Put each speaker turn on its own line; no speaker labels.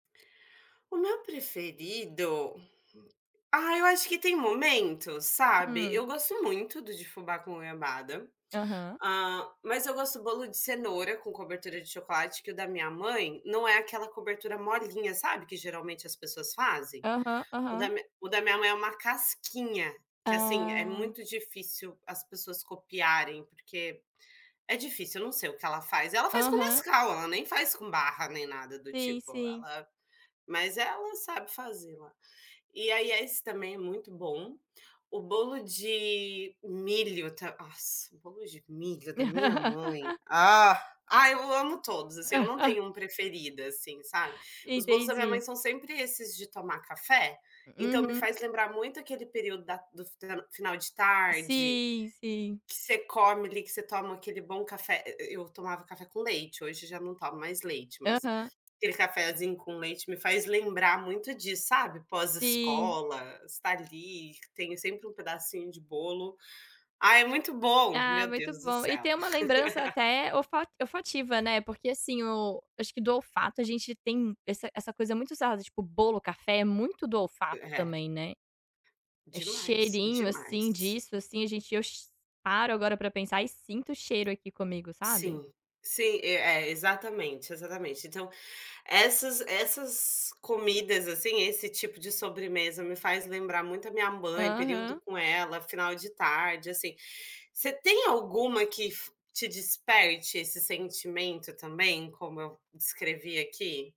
O meu preferido, ah eu acho que tem momento, sabe, eu
Hum.
gosto muito do de fubá com goiabada,
Aham.
hã, mas eu gosto bolo de cenoura com cobertura de chocolate que o da minha mãe não é aquela cobertura molinha sabe que geralmente as pessoas fazem?
Aham,
O da
aham.
o da minha mãe é uma casquinha, que assim é
Ah!
muito difícil as pessoas copiarem, porque é difícil, não sei o que ela faz, ela faz com
Aham.
Nescau, ela nem faz com barra nem nada do
Sim,
tipo,
sim.
ela, mas ela sabe fazer lá. E aí a esse também é muito bom, o bolo de milho ta nossa o bolo de milho da minha mãe, ah, ai eu amo todos assim, eu não tenho um preferido assim sabe, os bolos da minha mãe
Entendi.
são sempre esses de tomar café, então me
Uhum.
faz lembrar muito aquele período da do f final de tarde,
Sim, sim.
que você come ali, que você toma aquele bom café, e e eu tomava café com leite, hoje já não tomo mais leite, mas
Aham.
aquele cafezinho com leite me faz lembrar muito disso sabe,
Sim.
pós-escola, você está ali, que tem sempre um pedacinho de bolo, ah é muito bom,
Ah
meu
muito
Deus do
bom, e
céu.
tem uma lembrança até olfa olfativa né, porque assim o acho que do olfato a gente tem essa essa coisa muito usada, tipo, bolo, café é muito do olfato
Ré
também, né, é
Demais,
cheirinho assim
demais.
disso assim a gente eu che paro agora para pensar e sinto o cheiro aqui comigo sabe?
Sim, sim, e é exatamente, exatamente então, essas essas comidas assim, esse tipo de sobremesa me faz lembrar muito a minha mãe, período
Aham.
com ela, final de tarde assim, você tem alguma que fi te desperte esse sentimento também, como eu descrevi aqui?